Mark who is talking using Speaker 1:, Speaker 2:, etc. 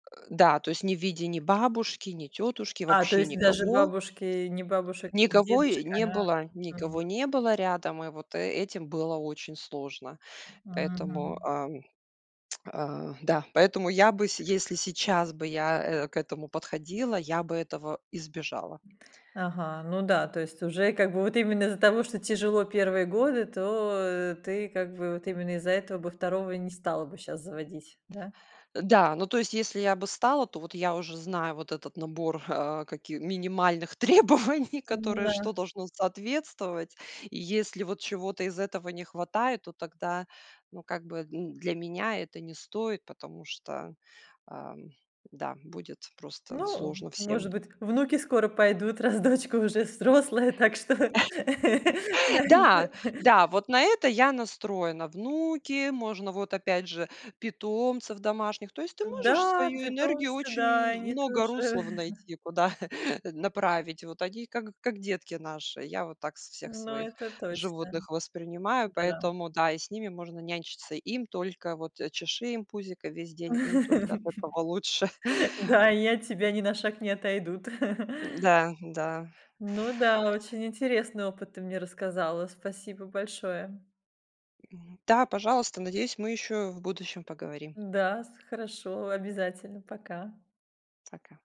Speaker 1: Э, да, то есть не в виде ни бабушки, ни тётушки,
Speaker 2: А, то
Speaker 1: вообще
Speaker 2: есть даже
Speaker 1: никого.
Speaker 2: бабушки, ни бабушек, ни
Speaker 1: Никого и
Speaker 2: дедушек,
Speaker 1: не
Speaker 2: она,
Speaker 1: было
Speaker 2: мгм.
Speaker 1: никого не было рядом. И вот э этим было очень сложно. Поэтому,
Speaker 2: Мгм.
Speaker 1: ам, а, да, поэтому я бы, с если сейчас бы я, э, к этому подходила, я бы этого избежала.
Speaker 2: Ага, ну да, то есть уже как бы вот именно из-за того, что тяжело первые годы, то, э, ты как бы вот именно из-за этого бы второго не стала бы щас заводить, да?
Speaker 1: Э, да, ну то есть если я бы стала, то вот я уже знаю вот этот набор, а, каки минимальных требований, которые,
Speaker 2: М-да.
Speaker 1: что должно соответствовать. И если вот чего-то из этого не хватает, то тогда, ну, как бы, м, для меня это не стоит, потому что, ам, да, будет просто
Speaker 2: Ну, э,
Speaker 1: сложно всем.
Speaker 2: может быть внуки скоро пойдут, раз дочка уже взрослая. Так что, да да.
Speaker 1: Да, да, вот на это я настроена: внуки, можно вот, опять же, питомцев домашних. То есть ты можешь
Speaker 2: М-да,
Speaker 1: свою энергию
Speaker 2: питомцы.
Speaker 1: очень
Speaker 2: Да,
Speaker 1: мн
Speaker 2: они
Speaker 1: много
Speaker 2: тоже.
Speaker 1: руслов найти, куда, э, направить. Вот они как как детки наши. Я вот так с всех
Speaker 2: Но
Speaker 1: своих
Speaker 2: это точно.
Speaker 1: животных воспринимаю,
Speaker 2: Да.
Speaker 1: поэтому да, и с ними можно нянчиться. Им только вот, э, чеши им пузико весь день, им только от этого лучше.
Speaker 2: Да и от тебя ни на шаг не отойдут.
Speaker 1: М-да, да.
Speaker 2: Ну да, очень интересный опыт ты мне рассказала. Спасибо большое.
Speaker 1: М-да, пожалуйста. Надеюсь, мы ещё в будущем поговорим.
Speaker 2: М-да, с хорошо, обязательно, пока.
Speaker 1: Пока.